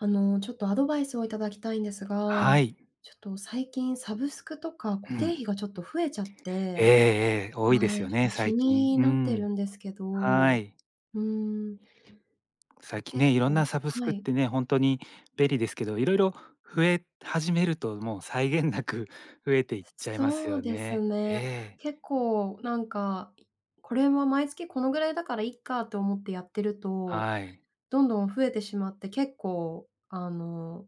あの、ちょっとアドバイスをいただきたいんですが、はい。ちょっと、最近サブスクとか固う定ん。費がちょっと増えちゃっええて。ええ。多いではすい、よちょね、っと、気最近。にうなってん。るんですけど、はうい。ーん。最近結ね、色ん構なサブスはクっい。てね、ほんとに便利ですけど、色々増え始めると、もう、際限なく増えていっちゃいますそうよですね。ね。ええ。結構、なんか、これは毎月このぐらいだからいっかって思ってやってると、はい。どんどん増えてしまって結構、あの、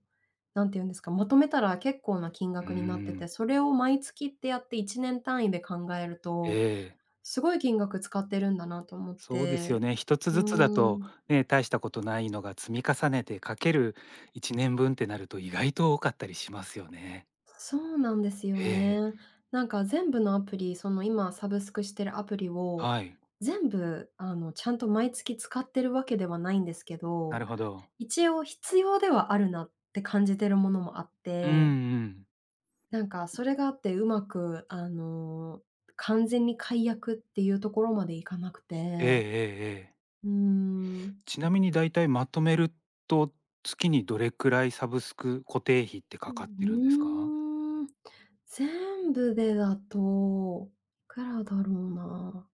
なんていうんですか、求めたら結構な金うー額になってて、ん。それを毎月ってやって1年単位で考えるえと、え。すごい金額使ってるんだなと思っそうですよて。ね。1つうずつだーと、ん。ね、たいしたことないのが積み重ねて、掛ける1年分ってなると意外と多かったりしますよね。そうなんですよえね。え。なんか、全部のアプリ、その、今サブスクしてるアプリを、はい。全部、あの、ちゃんと毎月使ってるわけではないんですけなど、るほど。一応必要ではあるなって感じてるものもあっうんて。うん。なんかそれがあって、うまく、あの、完全に解約っていうところまでいかなくええて。ええええ。うーん。ちなみに大体まとめると、月にどれくらいサブスク、固定費ってうかかってるんですか？ん、うーん、全部でだと、くらだろうな。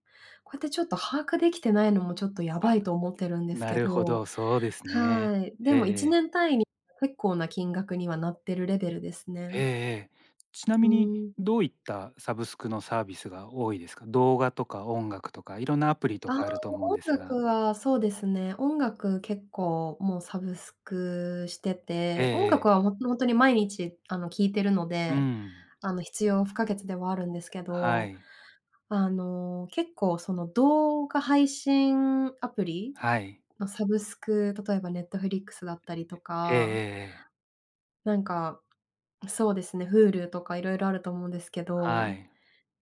こうやってちょっと把握できてないのも、ちょっと、やばあ、いと思ってるんですなけるほど。ど、そうですね。はい、でええもいえちねえ。ん単位に結構な金額にはなってるレベルですえね。えええ。ちなうみにん。どういったサブスクのサービスが多いですか？動画とか音楽とかいろんなアプリあとあ、かあると思うん音です楽が。はそうですね、音楽、結構、も、サブスクしてええて、音楽ええ。はほほんとに毎日、あの、聴いてるのうで、ん。あの、必要不可欠ではあるんですけはど、い。あの、結構、その、動画配信アプリはい。のサブスク、例えば Netflix だったりとええええか。ええ。なんか、そうですね、Hulu とかいろいろあると思うんですけはど、い。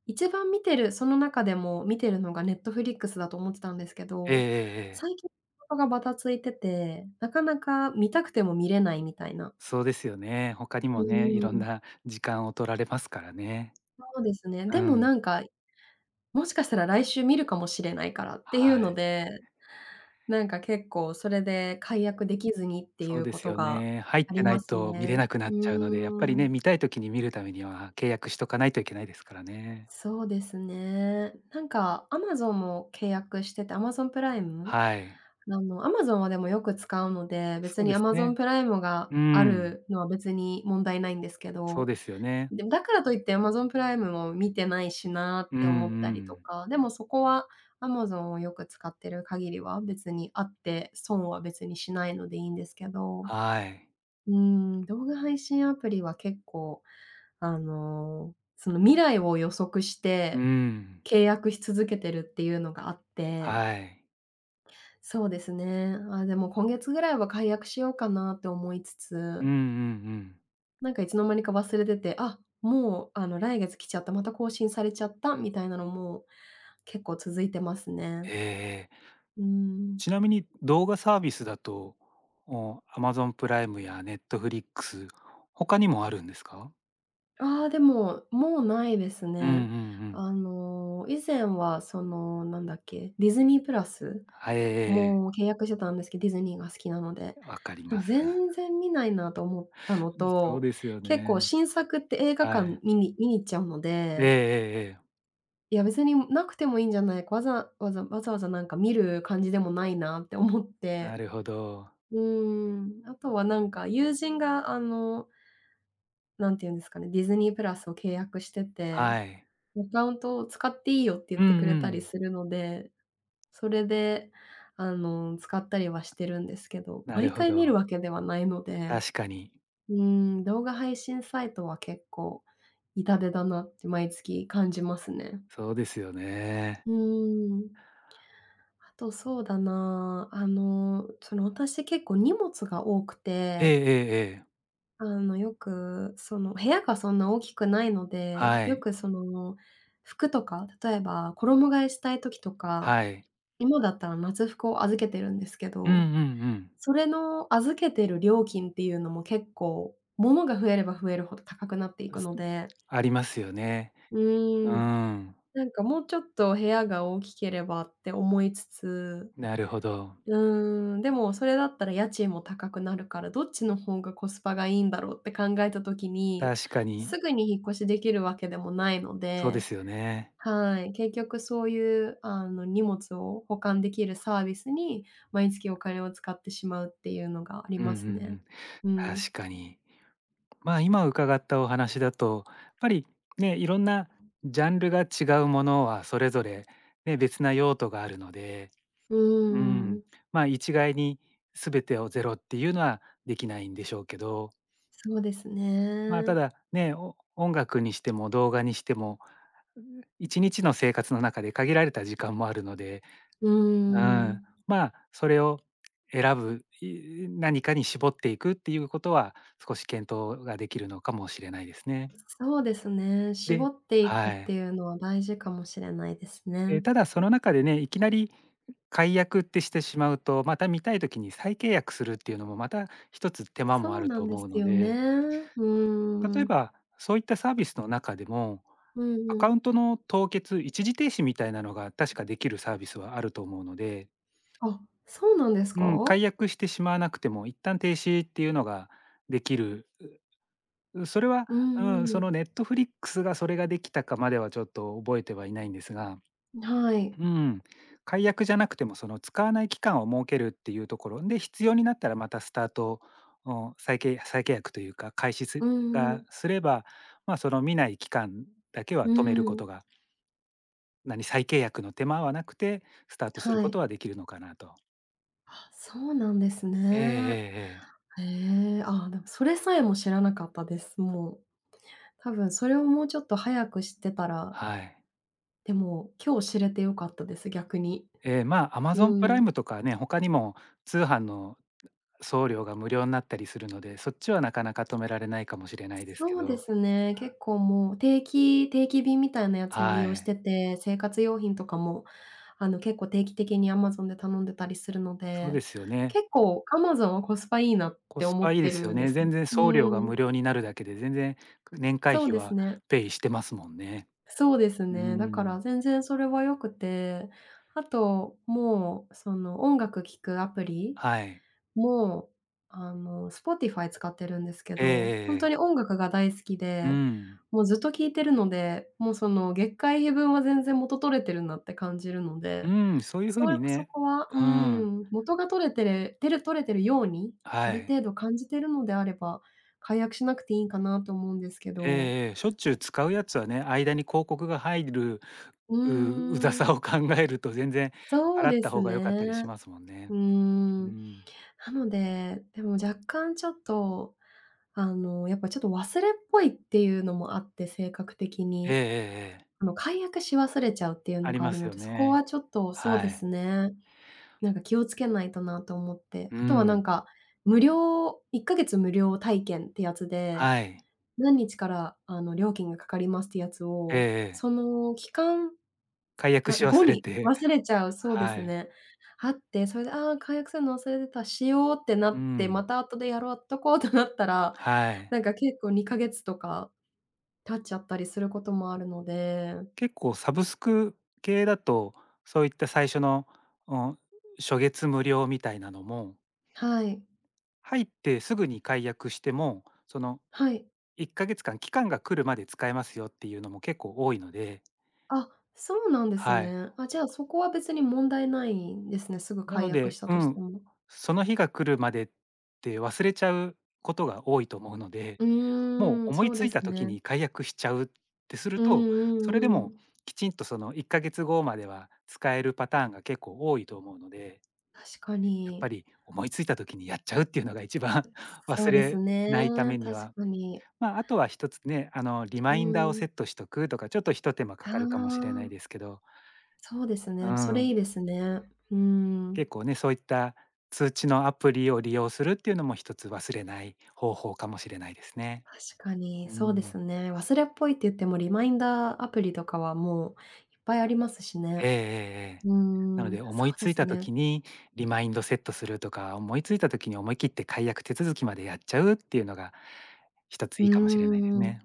一番見てるその中でも見てるのが Netflix だと思ってたんですけえええど、えええ。さいき、が、ま、ばたついてて、なかなか見たくても見れないみたいな。そうですよね。他にうもね、いーろんん。な時間を取られますからね。そうですね、うでも、ん。なんか、もしかしたら来週見るかもしれないからっていうはのい。で、なんか、結構それで解約できずにっていそううでこすとよがね。入っあてりなまいすと見ね。れなくなうっちゃうので、やっぱりーね、ん。見たい時に見るためには契約しとかないといけないですからね。そうですね。なんか Amazon も契約してて、Amazon プライム。はい。あの、Amazon はでもよく使うので、別そうにです Amazon ね。プライムがうあん。るのは別に問題ないんですけそうど、ですよね。でも「だからといって、Amazon プライムを見てないしな」うっんうて思ったりとん。か、でもそこは Amazon をよく使ってる限りは別にあって、損は別にしないのでいいんですけど。はい。うーん、動画配信アプリは結構、あの、その、未来を予測しうて、ん。契約し続けてるっていうのがあって。はい。そうですね。あ、でも、今月ぐらいは解約しようかなって思いつうんうつ。んうん。なんか、いつの間にか忘れてて、あ、もう、あの、来月来ちゃった、また更新されちゃったみたいなのも結構続いてますね。ええ。うーん。ちなみに動画サービスだと、もう、Amazon プライムや Netflix、他にもあるんですか？ああ、でも、もうないですうんうね。んうん。あの、以前はその何だっけ？ディズニープラスは、ええええええ。も契約してたんですけ、ディズニーが好きなので。わかりでまもす。全然見ないなと思ったのそうと、ですよね。結構 新作って映画は館い。見に見に行っちゃうのええでええええ。いや、別に無くてもいいんじゃない、わざわざわざわざなんか見る感じでもないなって思っなてるほど。うーん。あとはなんか、友人があの、なんて言うんですかね、ディズニープラスを契約してはて、い。アカウントを使っていいよって言っうんてくうれたりん。するので、それで、あの使ったりはしてるんですけど、なる毎ほ回見るど。わけではないので確かに。うーん、動画配信サイトは、結構痛手だなって毎月感じますね。そうですよね。うーん。あと、そうだなあ。あの、その、私、結構荷物が多くえええて、えええ。あの、よく、その部屋がそんな大きくないので、はよい。く、その、服とか例えば、衣替えしたい時とか、はい。今だったら夏服を預けてるんですけうんうんど、うん。それの預けてる料金っていうのも、結構物が増えれば、増えるほど高くなっていう、くすのんでありますよね。ううーん、ーん。なんか、もうちょっと部屋が大きければって思いつつなるほど。うーん。でも、それだったら家賃も高くなるから、どっちの方がコスパがいいんだろうって考えた時に、確かに。すぐに引っ越しできるわけでもないのそうでですよね。はい。結局そういう、あの荷物を保管出来るサービスに、毎月お金を使ってしまうっていうのがありうんうんまうすね。ん。うん確かに。まあ、今伺ったお話だと、やっぱりね、色んなジャンルが違うものは、それぞれね、別な用途があるので、ううーーん。ん。まあ、一概に、全てをゼロって言うのは出来ないんでしょうけど。そうですま、たね。だね、音楽にしても、動画にしても、う1日の生活の中で限られた時間もあるのでうーうん。ん。まあ、それを選ぶ、い何かに絞っていくって言う事は、少し検討が出来るのかもしれないですね。そうですね、絞でっていくっはてい。いうのは大事かもしれないですね。え、ただその中でね、いきなり解約ってしてしまうと、また見たい時に再契約するっていうのも、また1つ手間もそあうるなとんで思すうのよね、でうー例えん。ば、そういったサービスの中でも、うん、アカうウンん。トの凍結、一時停止みたいなのが、確か出来るサービスはあると思うのであ、そうなんですうん、か？解約してしまわなくても、一旦停止っていうのが出来る、うそれは、ううん、んうそのん。Netflix が、それが出来たかまでは、ちょっと覚えてはいないんですが。ん、はうい。ーん、解約じゃなくても、その使わない期間を設けるっていうところで、必要になったら、またスタート、あんさいけい再契約と言うか、開始すうんうがん。すれば、まあ、その見ない期間だけはう止める事ん。がなに再契約の手間はなくて、スタートするはい。事は出来るのかなと。あ、そうなんですえええね。えええ。へえ、あ、でも、それさえも知らなかったです、もう。多分それをもうちょっと早く知ってたら。はい。でも、今日知れてよかったです、逆に。ええ、まあ、アマうゾンプライん。ムとかね、他にも通販の送料が無料になったりするので、そっちはなかなか止められないかもしれないですけそうでど。すね、結構もう定期定期便みたいなやつも利は用しい。てて、生活用品とかも、あの、結構定期的にアマゾンで頼んでたりするのそうで、ですよね。結構アマゾンはコスパいいなっコてス思パっいいてですよるんでね。す。全然う送料がん。無料になるだけで、全然、年会そう費ですはね。ペイしてますもんね。そうですうーね、だかん。ら全然それは良くて、あと、もう、その音楽聴くアプリ？はい。も、あの、Spotify 使ってるんですけええど、ほえんええとえ。に音楽が大好きうで、ん。もうずっと聴いてるので、もう、その、月会費分は全然元取れてるなって感じるのうで、ーん、そういうそ風うよにこそね。こは、ううん。ん、元が取れてれてれ取れてるように、あはるい。程度感じてるのであれば、解約しなくていいんかなと思うんですけえど。えええ。しょっちゅう使うやつはね、間に広告が入る、うウウザーん。さを考えると、全然そう払っでたす方が良かっね。たりしますもんうね。ーうん、ん。なので、でも若干ちょっと、あの、やっぱちょっと忘れっぽいっていうのもあって、性格的えええに。えええ。あの、解約し忘れちゃうっていうあのりがあまるすのよで、そこはね。ちょっと、そうではい。すね。なんか、気をつけないとなと思って。うあとは、なんん。か、無料1か月無料体験ってやつで、はい。何日から、あの、料金がかかりますってやつええを、ええ。その期間、解約な、し後忘れにて。忘れちゃう、そうではすい。ね。あって、それで「ああ、解約するの忘れてた、しよう」ってなうって「まん。た後でやろうとこ」となったら、はい。なんか、結構2ヶ月とか、経っちゃったりすることもあるので。結構サブスク系だと、そういった最初の、お、初月無料みたいなのもはい。入ってすぐに解約しても、その、はい。1ヶ月間期間が来るまで使えますよっていうのも結構多いので。あ、そうなんですはい。ね。あ、じゃあ、そこは別に問題ないんですね、すぐな解の約で、したうとしん、ても。その日が来るまでって、忘れちゃうことが多いと思うので、うもうーん、思そいうつでいすた時ね。に解約しちゃうってするうんと、うそれでんうも、ん。きちんとその1ヶ月後までは、使えるパターンが結構多いと思うので。確かやっぱに。り思いついた時にやっちゃうっていうのが一番、そ忘うですれなね、いために確は、かに。まあ、あとは1つね、あのリうマインダーをセん。ットしとくとか、ちょっとひと手間かあかるかもしれないあ。ですけど。そうですね、うでもそれいいでん。すね。うーん。結構ね、そういった通知のアプリを利用するっていうのも1つ忘れない方法かもしれないですね。確かに、うそうでん。すね、忘れっぽいって言ってもリマインダーアプリとかはもういっぱいありますしえね。えええええ。うーなのん、で、思そいうでついすたね。時に、リマインドセットするとか、思いついた時に思い切って解約手続きまでやっちゃうっていうのが、1つういーいかもしれないですん、ね。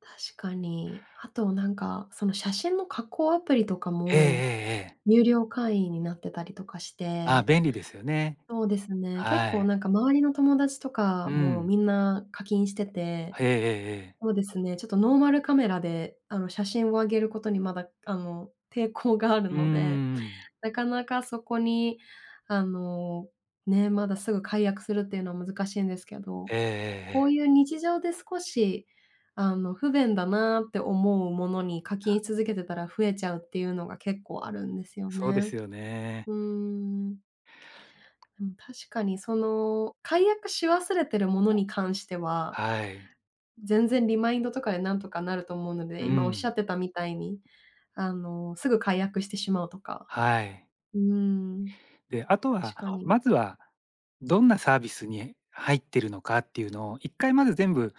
確かに。あと、なんか、その、写真の加工アプリとかええええもええ。有料会員になってたりとかしああ、て、便利ですよね。そうですね、結は構、い。なんか、周りの友達とかうも、ん。みんな課金してて。へえ、ええええ。そうですね、ちょっとノーマルカメラで、あの、写真を上げることにまだ、あの、抵抗があるうーので、ん。なかなかそこに、あの、ね、まだすぐ解約するっていうの難しいんですけど、ええええこえうえ。いう日常で少し、あの、不便だなって思うものに課金し続けてたら増えちゃうっていうのが結構あるんですよそうでね。すよね。うーん。うん、確かに、その、解約し忘れてるものに関しては、はい。全然リマインドとかでなんとかなると思うのうで、今おっしゃっん。てたみたいに、あの、すぐ解約してしまうとか、はい。うーん。で、あと確は、かに。まずは、どんなサービスに入ってるのかっていうのを1回まず全部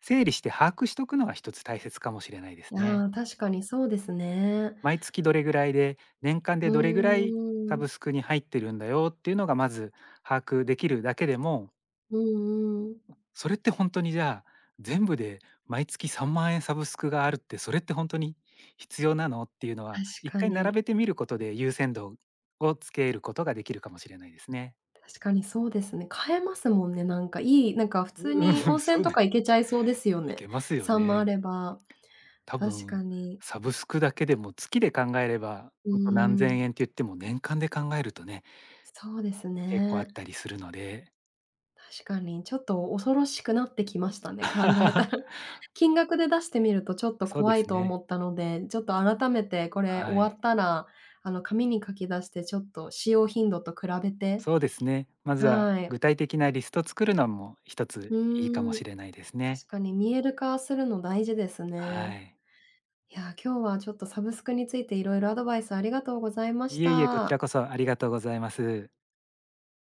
整理して把握しとくのが1つ大切かもしれないですあね。あ、確かにそうですね。毎月どれぐらいで、年間うでどれぐらいーサん。ブスクに入ってるんだよっていうのがまず、把握できるだけでもうんうん。それってほんとにじゃあ「全部で毎月3万円サブスクがあるって、それってほんとに必要なの？」っていうの確は、いっかかい並に。べてみることで優先度をつけることができるかもしれないですね。確かに、そうですね。買えますもんね、なんか、いい、なんか、普通うん、に温泉そうとでか行けちゃいそうですよいね、けますよ3万あね。れば、たぶ確かん、に。サブスクだけでも月で考えれば、うーほんと何ん。千円って言っても年間で考えるとね。そうです結構あっね。たりするので。確かに、ちょっと恐ろしくなってきましたね、考えた ら。金額で出してみるとちょっとそうで怖いすと思ね。ったので、ちょっと改めてこれは終わっい。たら、あの、紙に書き出してちょっと使用頻度と比べて、そうですね。まずはは具い。体的なリスト作るのも1つういいかもーしん、れないですね。確かに見える化するの大事ですはね。い。いや、今日はちょっとサブスクについていろいろアドバイスありがとうございましいえいえ、こちらた。こそありがとうございます。